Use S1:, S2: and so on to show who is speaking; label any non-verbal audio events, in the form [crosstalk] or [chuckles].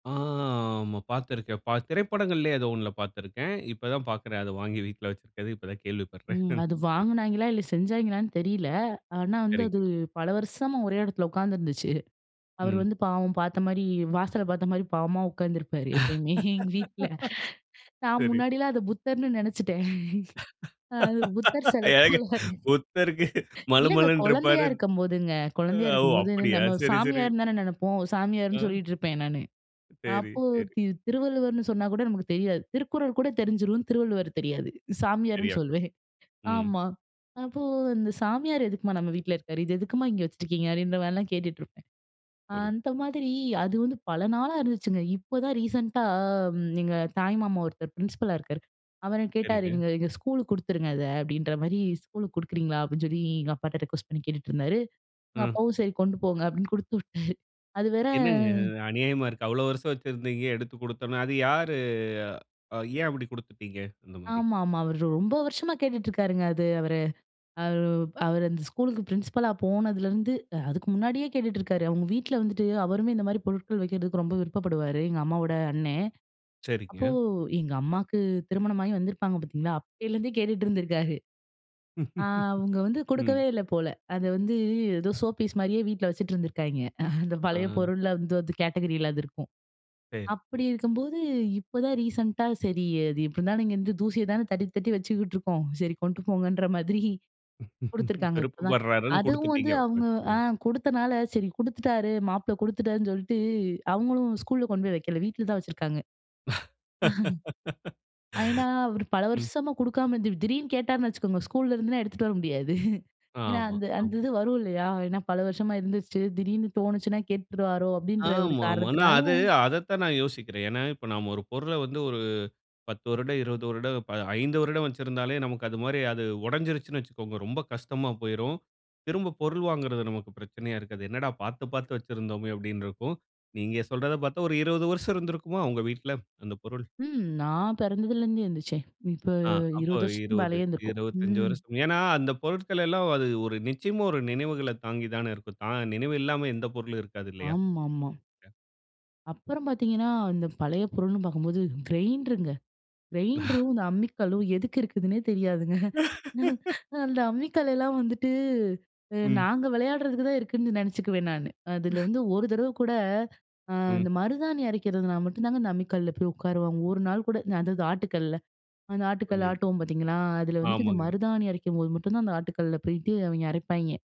S1: ஆ ஆமா. பாத்துருக்கிறேன். பா திரைப்படங்களிலே ஏதோ ஒன்ல பாத்திருக்கிறேன். இப்போ தான் பாக்கிறேன். அத வாங்கி வீட்ல வைச்சிருக்குறது. இப்போ தான் கேள்விப்படுறேன்.
S2: ம். அது
S1: [chuckles]
S2: வாங்குனாய்ங்களா இல்ல, செஞ்சாய்ங்களான்னு தெரியல. ஆனா, வந்து அது
S1: சரிங்க.
S2: பல வருஷமா ஒரே இடத்துல உட்காந்துருந்துச்சு. அவர்
S1: ம்.
S2: வந்து பாவம் பாத்த மாரி வாசல பாத்த மாரி பாவமா உட்கார்ந்திருப்பாரு எப்பயுமே எங்க வீட்ல.
S1: [laughs]
S2: நான்
S1: சரி.
S2: முன்னாடிலாம் அத புத்தர்ன்னு நினச்சுட்டேன். அது புத்தர்
S1: [laughs]
S2: சில
S1: ஏங்க,
S2: போல,
S1: புத்தருக்கு மலு
S2: இல்லங்க,
S1: மலுன்னு
S2: கொழந்தயா
S1: இருப்பாரு.
S2: இருக்கும்போதுங்க. கொழந்தயா
S1: ஓ!
S2: இருக்கும்போது
S1: அப்டியா
S2: நம்ம
S1: சரி, சரி.
S2: சாமியார்னு தானே நெனப்போம். சாமியார்ன்னு
S1: அம்.
S2: சொல்லிட்டு இருப்பேன் நானு.
S1: சரி,
S2: அப்போ
S1: சரி.
S2: தி திருவள்ளுவர்ன்னு சொன்னா கூட நமக்கு தெரியாது. திருக்குறள் கூட தெரிஞ்சுரும், திருவள்ளுவர் தெரியாது,
S1: சரியா
S2: சாமியார்ன்னு
S1: சொன்.
S2: சொல்லுவேன்.
S1: ம்.
S2: ஆமா. அப்போ "அந்த சாமியார் எதுக்குமா நம்ம வீட்ல இருக்காரு? இது எதுக்குமா இங்கே வச்சுருக்கீங்க?'' அப்டின்ற மாரிலாம் கேட்டுட்டு இருப்பேன்.
S1: புரியுது.
S2: அந்த மாதிரி அது வந்து பல நாளா இருந்துச்சுங்க இப்போதான் ரீசென்ட்டா எங்க தாய் மாமா ஒருத்தர் பிரின்சிபலா இருக்காரு. அவர் கேட்டாரு.
S1: சரிங்க.
S2: "நீங்க இத, ஸ்கூலுக்கு குடுத்துருங்க இத அப்டின்ற மாரி ஸ்கூலுக்கு குடுக்குறீங்களா?" அப்டின்னு சொல்லி, எங்க அப்பாட்ட ரிக்வெஸ்ட் பண்ணி கேட்டுட்டு இருந்தாரு. எங்க
S1: அ.
S2: அப்பாவும் "சரி, கொண்டு போங்க" அப்டின்னு குடுத்துவிட்டாரு அது வேற
S1: என்னங்க? இது அநியாயமா இருக்கு. அவ்வளவு வருஷம் வச்சிருந்தீங்க, எடுத்துக் கொடுத்தோம்னு, அது யாரு? ஏன் அப்டி கொடுத்துட்டீங்க அந்த மாரி?
S2: ஆமா, ஆமா. அவரு ரொம்ப வருஷமா கேட்டுட்ருக்காருங்க அது அவரு. அவர் அவரு அந்த ஸ்கூலுக்கு பிரின்சிபலா போனதுலேருந்து அதுக்கு முன்னாடியே கேட்டுட்டு இருக்காரு. அவங்க வீட்ல வந்துட்டு அவருமே இந்த மாரி பொருட்கள் வைக்கிறதுக்கு ரொம்ப விருப்பப்படுவாரு. எங்க அம்மாவோட அண்ணன்.
S1: சரிங்க.
S2: அப்போ எங்க அம்மாவுக்கு திருமணமாகி வந்திருப்பாங்க பாத்தீங்களா, அப்போலருந்தே கேட்டுட்டு இருந்திருக்காரு. ஆ அவங்க
S1: [chuckles]
S2: வந்து
S1: ம்.
S2: கொடுக்கவே இல்ல போல. அத வந்து ஏதோ சோ பீஸ் மாரியே வீட்ல வச்சுட்டு இருந்துருக்காய்ங்க. அந்த பழைய
S1: அ.
S2: பொருள் வந்து அது கேட்டகரியில அது இருக்கும்.
S1: சரி, சரி.
S2: அப்டி இருக்கும்போது இப்போதான் ரீசென்ட்டா "சரி, அது இப்படி இருந்தாலும் இங்கே வந்து தூசிய தானே தட்டி, தட்டி வச்சுக்கிட்டு இருக்கோம். சரி, கொண்டு போங்கன்ற" மாதிரி
S1: [laughs]
S2: கொடுத்துருக்காங்க. இப்போதான்
S1: விருப்பப்பர்றாருனு
S2: அதுவும்
S1: கொடுத்துட்டீங்க.
S2: வந்து அவங்க ஆ
S1: [unintelligible]
S2: கொடுத்தனால சரி கொடுத்துட்டாரு மாப்பிள கொடுத்துட்டாருன்னு சொல்லிட்டு அவங்களும் ஸ்கூல்ல கொண்டு போய் வைக்கல வீட்ல தான் வச்சுருக்காங்க.
S1: [laughs]
S2: [chuckles] ஏன்னா, அவரு பல
S1: ம்.
S2: வருஷமா கொடுக்காம இருந்து, திடீர்ன்னு கேட்டாருன்னு வச்சுக்கோங்க ஸ்கூல்ல இருந்துனா எடுத்துட்டு வர முடியாது. ஏன்னா,
S1: ஆமா,
S2: அந்த அந்த
S1: ஆமா.
S2: இது வரும் இல்லயா ஏன்னா பல வருஷமா இருந்துச்சு திடீர்னு தோணுச்சுன்னா கேட்டுருவாரோ அப்டின்ற ஒரு
S1: ஆமா, ஆமா. ஆனா
S2: காரணத்தினால
S1: அது அதத்தான் நான் யோசிக்கிறேன். ஏன்னா இப்ப நாம ஒரு பொருள வந்து ஒரு 10 வருடம் 20 வருடம், 5 வருடம் வச்சிருந்தாலே, நமக்கு அது மாரி அது உடஞ்சிருச்சுன்னு வச்சுக்கோங்க ரொம்ப கஷ்டமா போய்ரும். திரும்ப பொருள் வாங்குவது நமக்கு பிரச்சனயா இருக்காது. என்னடா பாத்து, பாத்து வச்சிருந்தோமே அப்டின்னு இருக்கும். நீங்க சொல்றத பாத்தா ஒரு 20 வருஷம் இருந்திருக்குமா? உங்க வீட்ல அந்த பொருள்.
S2: ம். நான் பிறந்ததுலேருந்தே இருந்துச்சே. இப்போ
S1: ஆங் அப்போ
S2: 20
S1: ஒரு
S2: வருஷத்துக்கு
S1: இருவது,
S2: மேலேயே இருந்துருக்கும்.
S1: இருவதஞ்சு
S2: ம்.
S1: வருஷத்து ஏன்னா, அந்த பொருட்கள் எல்லாம் அது ஒரு நிச்சயமா ஒரு நினவுகள தாங்கி தானே இருக்கும். தா நினவு இல்லாம எந்த பொருளும் இருக்காது இல்லயா?
S2: ஆமாமா.
S1: [unintelligible]
S2: அப்புறம் பாத்தீங்கன்னா, அந்த பழைய பொருள்னு பாக்கும்போது கிரைண்டருங்க.
S1: [chuckles]
S2: கிரைண்டரும், இந்த அம்மிக்கல்லும் எதுக்கு இருக்குதுன்னே தெரியாதுங்க. [chuckles]
S1: [laughs]
S2: அந்த அம்மிக்கல்லலாம் வந்துட்டு
S1: ம்.
S2: நாங்க விளயாடுறதுக்கு தான் இருக்குன்னு நினச்சுக்குவேன் நானு. அதில
S1: [chuckles]
S2: வந்து ஒரு தடவ கூட
S1: ம்.
S2: அந்த மருதாணி அரைக்கிறதுனால மட்டும் தாங்க இந்த அம்மிக்கல்ல போய் உட்காருவாங்க. ஒரு நாள் கூட அதாது ஆட்டுக்கல்ல அந்த ஆட்டுக்கல்
S1: புரியது.
S2: ஆட்டுவோம் பாத்தீங்களா. அதில வந்துட்டு இந்த
S1: ஆமாங்க
S2: மருதாணி அரைக்கும்போது மட்டும் தான் அந்த ஆட்டுக்கல்ல பெயிட்டு அவங்க அரைப்பாய்ங்க.